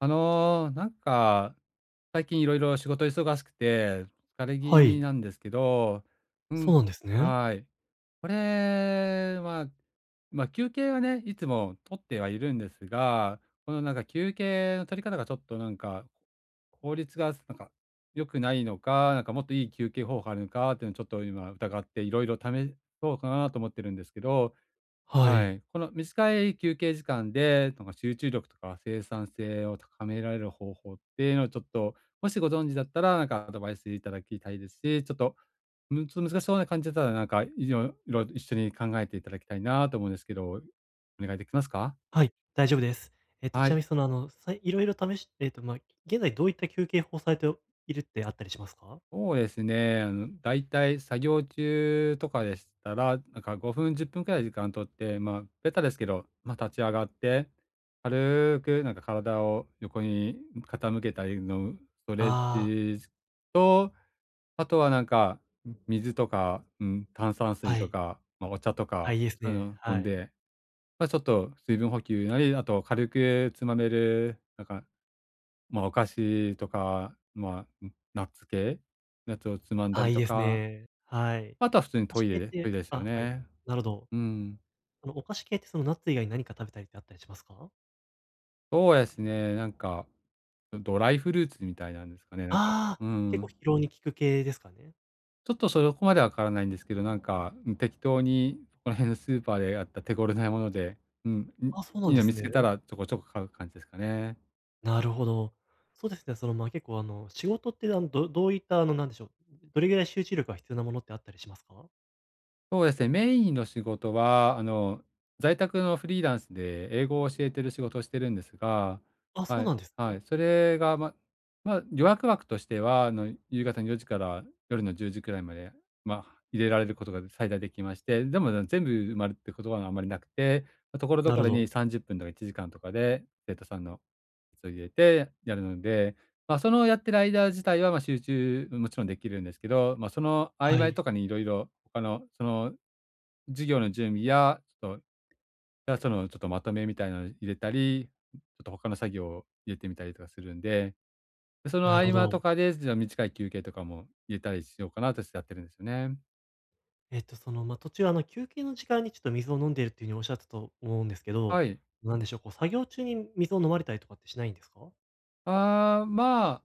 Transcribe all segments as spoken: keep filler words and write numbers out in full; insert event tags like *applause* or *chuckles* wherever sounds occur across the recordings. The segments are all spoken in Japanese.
あの、なんか、最近いろいろ仕事忙しくて疲れ気は味い。なんですけどうそん、うなんですね。はい。これは、ま、休憩はね、いつも取ってはいるんですが、この、なんか、休憩の取り方がちょっとなんか、効率がなんか良くないのか、なんかもっといい休憩方法あるのかっていうのを、ちょっと今疑って、いろいろ試そうかなと思ってるんですけどははい。い。この短い休憩時間でなんか集中力とか生産性を高められる方法っていうのをちょっと、もしご存知だったらなんかアドバイスいただきたいですし、ちょっと、むちょ、難しそうな感じだったら、なんか、いにょろ、一緒に考えていただきたいなと思うんですけど、お願いできますか？はい、大丈夫です。えっと、はちなみい。に、その、あの、さいろいろ試しえっと、ま、現在どういった休憩法をされておいるってあったりしますか？そうですね、あの、だいたい作業中とかでしたら、なんか、ごふんじゅっぷんくらい時間取って、ま、ベタですけど、ま、立ち上がって、軽く、なんか、体を横に、ん、傾けたりのストレッああ。チと、あとはなんか、み水とか、うん、炭酸水はとい。か、ま、お茶とあ、いか、いですそういうね、の飲はんい。で、ま、ちょっと水分補給なり、あと軽くつまめるなんか、ま、お菓子とか、まあ、なナッツ系、ナッツをつまんだああ、りいいとですか、ね、はい。あとは普通に菓ト子イ系っレ、トてイレすよあ、はい、ね。なるほど。うん。あの、お菓子系ってその、ナッツ以外に何か食べたりってあったりしますか？そうですね、なんか、ん、ドライフルーツみたいなんですかね。なんか、ああ、うー結構疲ん。労に効く系ですかね？ちょっと、そこまでわからないんですけど、なんか、ん、適当にそこら辺のスーパーであった手頃なもので、うん、ん、あ、そうないんいでの見すつね。けたらちょこちょこ買う感じですかね。なるほど。そうですね。その、ま、結構あの、仕事ってあの、どどういった、あの、なんでしょう、どれぐらい集中力が必要なものってあったりしますか？そうです。メインの仕事は、あの、在宅のフリーランスで英語を教えてる仕事してるんですが、あ、はそうい、なんですはい。ね。それが、まま、予約枠としては、あの、夕方のよじから夜のじゅうじくらいまで、ま、入れられることがで最大できまして、でも全部埋まるってことはあんまりなくて、ところどなこるほろど。にさんじゅっぷんとかいちじかんとかで、生徒さんの、そ、入れてやるので、ま、その、やってる間自体は、ま、集中、うん、もちろんできるんですけど、ま、その曖は昧い。とかに色々、ほかのその、授業の準備や、そ、いや、その、ちょっとまとめみたいなの入れたり、ちょっとほかの作業入れてみたりとかするんで、そのな合るほ間とど。かで、じゃ短い休憩とかも入れたりしようかなとしてやってるんすね。えっと、その、ま、途中、あの、休憩の時間にちょっと水を飲んでいるっていう風におっしゃったと思うんですけど、はい。なんでしょう、こう、作業中に水を飲まれたりとかってしないんですか？ああ、ま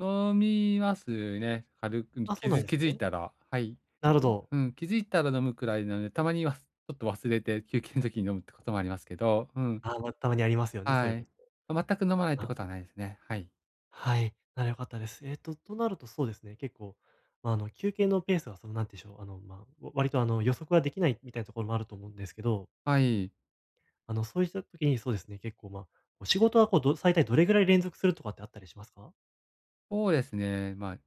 あ、飲みますね。軽くあ、そきうなんづで気すづいね。たら、はい。なるほど。うん、気づいたら飲むくらいなので、たまにはちょっと忘れて休憩の時に飲むってこともありますけど、うん。あ、ま、たまにありますよね、そはういうこい。と。全く飲まないってあ。ことはないですね。はい。はい、なら良かったです。えっと、そうなると、そうですね、結構、あの、休憩のペースは、その、何でしょう、あの、ま、割と、あの、予測ができないみたいなところもあると思うんですけど。はい。あの、そういった時に、そうですね、結構、ま、お仕事は、こう、ど最大どれぐらい連続するとかってあったりしますか？そうですね、ま、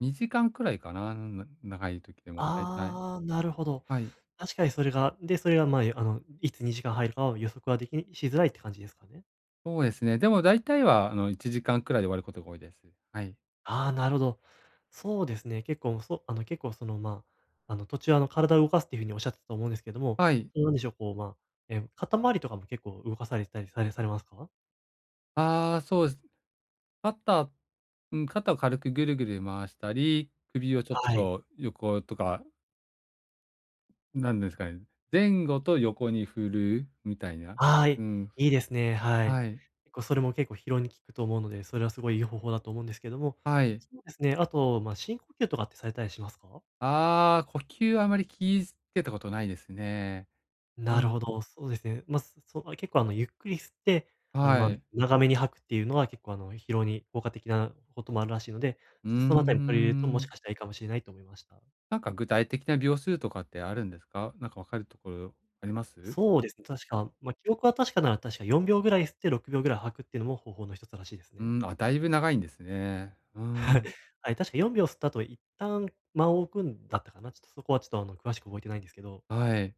にじかんくらいかな、長い時でもだいたい。あ、なるほど。はい。確かにそれが、で、それが、ま、あの、いつにじかん入るかは予測ができしづらいって感じですかね？そうですね。でも、だいたいは、あの、いちじかんくらいで終わることが多いです。はい。あ、なるほど。そうですね、結構、そうあの、結構、その、ま、あの、途中、あの、体を動かすっていう風におっしゃってたと思うんですけれども、はい。そう、なんでしょう、こう、ま、え、肩回りとかも結構動かされてたりされされますか？ああ、そうです。肩、うん、肩を軽くぐるぐる回したり、首をちょっはい。と横とかなんですかね、前後と横に振るみたいな、はうい、ん。いいですね。はい。はい。結構、それも結構疲労に効くと思うので、それはすごい、いい方法だと思うんですけども、はい。そうですね、あと、ま、深呼吸とかってされたりしますか？ああ、呼吸はあまり気いつけたことないですね。うなるほん。ど、そうですね。ま、そそう、結構、あの、ゆっくり吸って、あの、はま、い。長めに吐くっていうのは結構、あの、疲労に効果的なこともあるらしいので、うーちょっとそのあたり取り入れるともしん。かしたらいいかもしれないと思いました。なんか、具体的な秒数とかってあるんですか？なんかわかるところあります？そうです、確か、ま、記憶は確かなら、確かよんびょうぐらい吸ってろくびょうぐらい吐くっていうのも方法の一つらしいですね。ん、あ、だいぶ長いんですね、うーはい。ん。はい、確かよんびょう吸った後一旦間を置くんだったかな？ちょっとそこはちょっと、あの、詳しく覚えてないんですけどはい。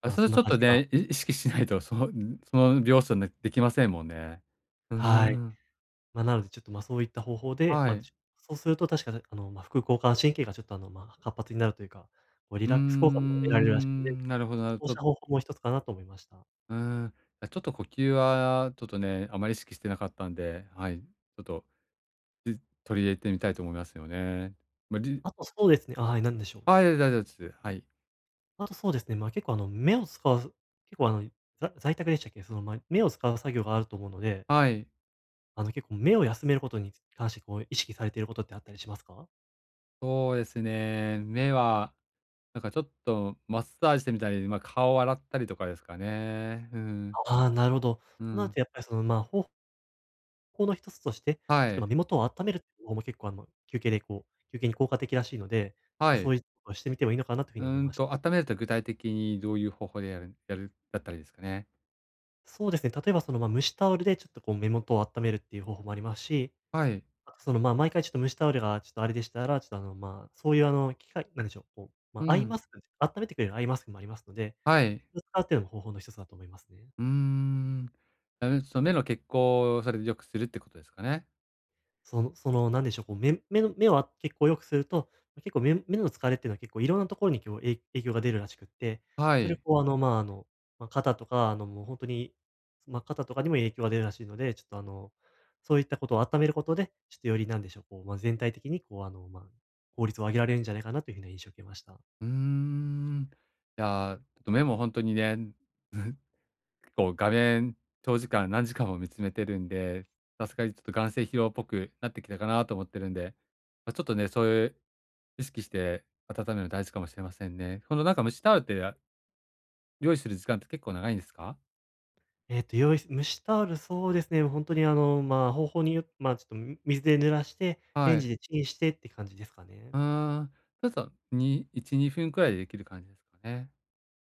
あ、ま、それそんちなょっ感とじがね、い意識しないと、その、ん、その、秒数ね、できませんもんね。うーはい。ん。ま、なので、ちょっと、ま、そういった方法で、はま、い。ちそうすると確か、なあの、ま、副交感神経がちょっと、あの、ま、活発になるというか、こうリうーラックス効果も得られるらしい、で、ん、なるほど、なる、そうちょしった方法も一つかなと思いました。うん、あ、ちょっと呼吸はちょっとね、あまり意識してなかったんで、はい、ちょっと、ず取り入れてみたいと思いますよね。ま、りゅあと、そうですねあ、はい、何でしょう？あ、いやいだい、じょ、す、はい。あと、そうですね。ま、結構、あの、目を使わず、結構、あのいざ在宅でしたっけ？その、ま、目を使う作業があると思うのではい。あの、結構、目を休める事に関して、こう、意識されてる事ってあったりしますか？そうですね、目は、なんかちょっとマッサージしてみたり、ま、顔洗ったりとかですかね、うん。あ、ああ、なるほど。うそなるん。と、やっぱり、その、ま、ほほうの一つとして、はちょっと、い。ま、目元をあっためるってのも結構、あの、休憩で、こう休憩に効果的らしいので、はう、い。そいのはしてみてもいいのかなと風に思いうんましと、あっためると具体的にどういう方法でやるやるだったらいいですかね？そうですね、例えば、その、ま、蒸しタオルでちょっとこう、目元をあっためるっていう方法もありますし、はい。その、まあ、毎回ちょっと蒸しタオルがちょっとあれでしたら、ちょっと、あの、まあ、そういう、あの、機械なんでしょう、こう、ま、うアイん。マスク、あっためてくれるアイマスクもありますので、はい。それ使うっていうのも方法の一つだと思いますね。うーん。あ、うん、そ目の血行、それでよくするってことですかね？そのその、なんでしょう、こう、目目の目は血行良くすると、結構、目目の疲れってのは結構いろんなところにきょうえい影響が出るらしくって、はそれ、い。こう、あの、ま、あの、ま、肩とか、あの、もうほんとに、ま、肩とかにも影響が出るらしいので、ちょっと、あの、そういったことをあっためることで、ちょっと、より、なんでしょう、こう、ま、全体的に、こう、あの、ま、効率を上げられるんじゃないかなという風な印象を受けました。うーん。いや、目もほんとにね、*chuckles* 結構、画面、長時間、何時間も見つめてるんで、さすがにちょっと眼精疲労っぽくなってきたかなと思ってるんで、ま、ちょっとね、そういう意識して温める、大事かもしれませんね。その、なんか、蒸しタオルって、用意する時間って結構長いんですか？えっと、用意蒸しタオル、そうですね、ほんとに、あの、ま、方法によっま、ちょっと、ん水で濡らして、レはンい。ジでチンしてって感じですかうね。ーん、ちょっと、にいちにふんくらいでできる感じですかね。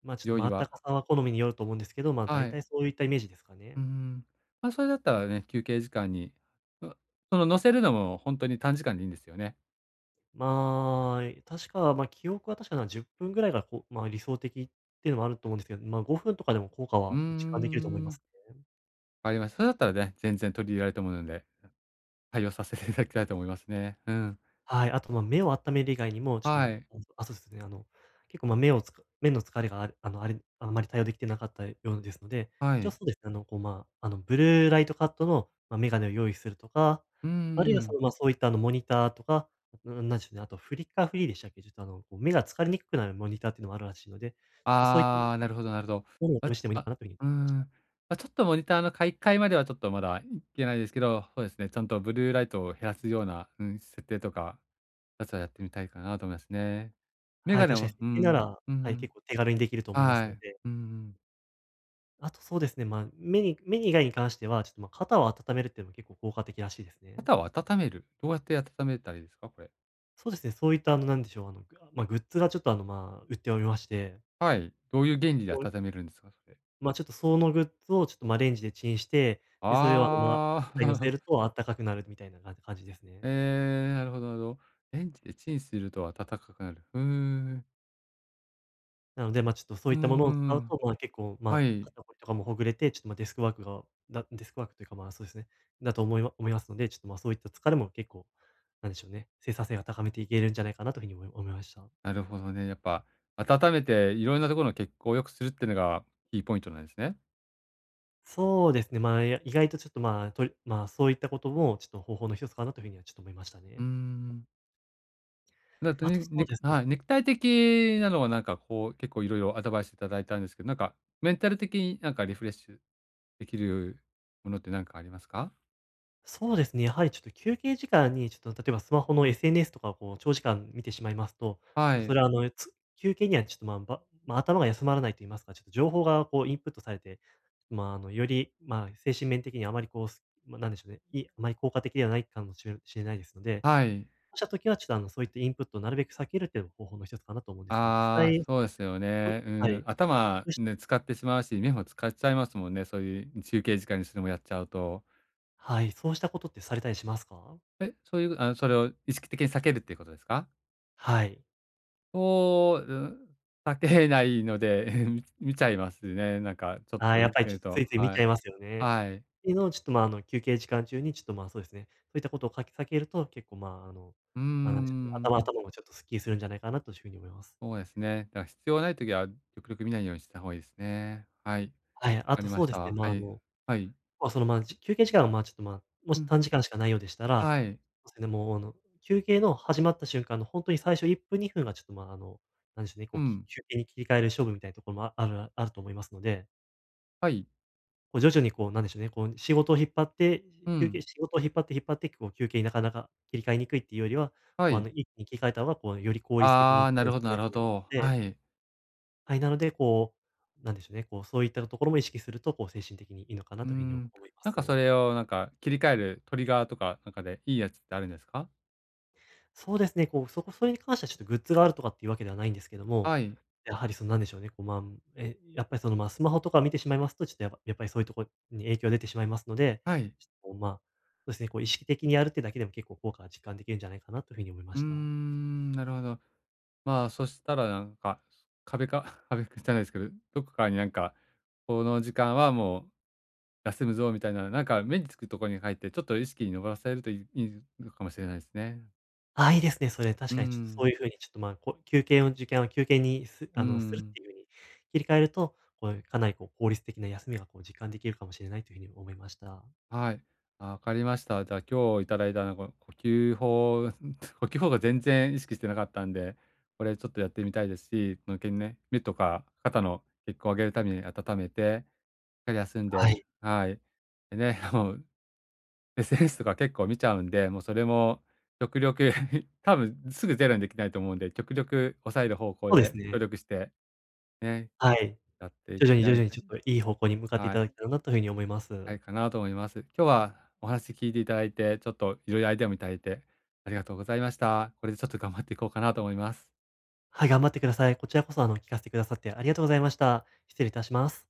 ま、ちょっと、用ま、意温は。かさは好みによると思うんですけど、ま、は大い。体そういったイメージですかうーね。ん。ま、それだったらあれね、休憩時間に。そのその乗せるのもほんとに短時間でいいんですよね。まあ、え、確か、ま、記憶が確かなら、じゅっぷんぐらいが、こう、ま、理想的っていうのもあると思うんですけど、ま、ごふんとかでも効果うーは実感できると思いまん。すね。わかりました。それだったらね、全然取り入れられると思うので、対応させていただきたいと思いますね。うん。はい。あと、ま、目を温める以外にも、ちょっと、はもい。うあ、そうですね。あの、結構、ま、目をつか目の疲れがある、あの、あれあんまり対応できてなかったようですので、は一応、い。そうですね、あの、こう、ま、あの、ブルーライトカットの、ま、眼鏡を用意するとか、うーあるいは、そん。の、ま、そういった、あの、モニターとか、うーん、なんでしょうね。あと、フリッカーフリーでしたっけ？ちょっと、あの、目が疲れにくくなるモニターっていうのもあるらしいので、ちょっと、そういっああ、なるほどなるほど。お *unintelligible* しつてもいいのあ、かなという風にうー *unintelligible* ん、あ、ちょっとモニターの買い替えまではちょっとまだ、ん、行けないですけど、そうですね、ちゃんとブルーライトを減らすような、うん、設定とかは、まずはやってみたいかなと思いますね。メはガい、ネ確かにを設う定なん、ら、うはい、ん。結構手軽にできると思いますはのい。で。うんうん。あとそうですね、ま、目に目に以外に関しては、ちょっとま、肩を温めるっての、結構効果的らしいですね。肩を温める？どうやって温めたらいいですか、これ？そうですね、そういったあの、なんでしょう、あの、ま、グッズがちょっと、あの、まあ、売っておりましてはい、どういう原理でこん温めるんですか、それ？ま、ちょっとそのグッズをちょっと、ま、レンジでチンして、で、それをあの、ま、ああ。肩に乗せる *chuckles* とあったかくなるみたいな、か感じですね。ええ、なるほどなるほど。レンジでチンすると温かくなる。ふーん。なので、ま、ちょっとそううーいったものを使うん。と、まあ結構、はまあ、い。肩こ、とかもほぐれて、ちょっとま、デスクワークがだ、デスクワークというかまあ、そうですね、だと思いま思いますので、ちょっとま、そういった疲れも結構なんでしょうね、生産性は高めていけるんじゃないかなという風に思い思いました。なるほどね。やっぱ温めていろんなところの血行良くするっていうのがキーポイントなんすね。そうですね、まあ、いや、意外とちょっとま、とりま、そういったこともちょっと方法の一つかなという風にはちょっと思いましたうーね。ん。だと、あとにそう肉ですねはい、肉体的なのはなんかこう結構いろいろアドバイスいただいたんですけなんかメンタル的になんかリフレッシュできるものってなんかありますか？そうですね。やはりちょっと、休憩時間にちょっと、例えばスマホの SNS とかをこう、長時間見てしまいますと、ちはょっとそい。れはあの、つ休憩にはちょっとまあ、ばまあ頭が休まらないと言いますか、ちょっと情報がこう、インプットされて、まあ、あの、より、まあ、精神面的にはあまりこう、すまあ、なんでしょうね、いあまり効果的ではないかも知れ知れないですので、はい。*unintelligible* た時はちょっとあの、そういったインプットをなるべく避ける、というのも方法の一つかなと思うんですが、実ああ、際、そうですよ *unintelligible* ね。うはーん、い。頭、*unintelligible* ね、使ってしまうし、目も使っちゃいますもんね。そういう休憩時間にそれもやっちゃうと。はい。そうしたことって、されたりしますか？え、そういう、あの、それを、意識的に避けるっていうことですか？はい。そ、*unintelligible* あけないので、み見ちゃいますね、なんかちょっああ、とやっうぱりけちょっるとつと。いつい見はちい、ゃいますよね。はい。ていうのをちょっと、ま、あの、休憩時間中にちょっとまあ、そうですね。そういったことをかきかけると、結構まあ、あの、うー何でしょうね、頭のん。ところもちょっと、スッキリするんじゃないかなという風に思います。そうですね。だから必要がない時は、極力見ないようにした方がいいですね。はい、わはい、あかとりまそうしでた。すね。はまあ、あい、の、はい。まあ、その、まあ、じ休憩時間がまあ、ちょっと、まあ、もうしん。短時間しかないようでしたら、はい。それでもう、あの、休憩の始まった瞬間の、本当に最初いっぷんにふんがちょっと、まあ、あの、なんでしょうね。うこう、きん。休憩に切り替える勝負、みたいなところもああるあると思いますので。はい。こう、徐々に、こう、なんでしょうね、こう、仕事引っ張ってう休ん。憩仕事引っ張って、引っ張って、こう、休憩になかなか切り替えにくいっていうよりは、はま、あい。の、一気に切り替えた方が、こう、より効率的あにあ、なるほどなるほ *unintelligible* ど。で。はい。はい、なので、こう、なんでしょうね、こう、そういったところも意識すると、こう、精神的にいいのかなうーと風に、おん。思いまなんかそす。れを、なんか、切り替えるトリガーとか、なかでいいやつってあるんですか？そうですね。こう、そこそれに関してはちょっとグッズがあるとかっていうわけではないんですけども、はい。やはり、その、なんでしょうね、こう、ま、ん、え、やっぱり、その、ま、スマホとか見てしまいますと、ちょっとやっぱやっぱりそういうとこに影響出てしまいますので、はい。ちょっと、まあ、そうすね、こう、意識的にやるってだけでも結構効果が実感できるんじゃないかなと風に思いまうーした。ん、なるほど。まあ、そしたらなんか、壁か？壁訓じゃないですけど、どこかになんか、「この時間はもう、休むぞ」みたいな、なんか、目につくとこに書いて、ちょっと意識にのぼらせると、いいいのかもしれないすね。あ、いいですね、それ、う確ーかにちょっとそん。ういう風に、ちょっと、ま、こう、休憩の時間を休憩に、すうーあの、するっん。ていう、切り替えると、こう、かなり、こう、効率的な休みは、こう、実感できるかもしれないという風に思いました。はい、わかりました。じゃあ、今日いただいた、なん、この、呼吸法、ん、こきゅほうが全然意識してなかったんで、これちょっとやってみたいですし、ぬけん目、目とか肩の血行上げるために温めて、しっかり休んはでい。はい、でね、ほう、SNS とか結構見ちゃうんで、もう、それも極力、*chuckles* 多分すぐゼロにできないと思うんで、極力抑える方向そうですで努ね。力して、ね、はい。やって、徐々ぐに、徐ら々いにか、ちにょっといい方向に向かっていはたい。だけたらなと風に思いまなす。いかなと思います。今日はお話聞いていただいて、ちょっといろいろアイデアもいただいてありがとうございました。これでちょっと頑張っていこうかなと思います。はい、頑張ってください。こちらこそ、あの、聞かせてくださってありがとうございました。失礼いたします。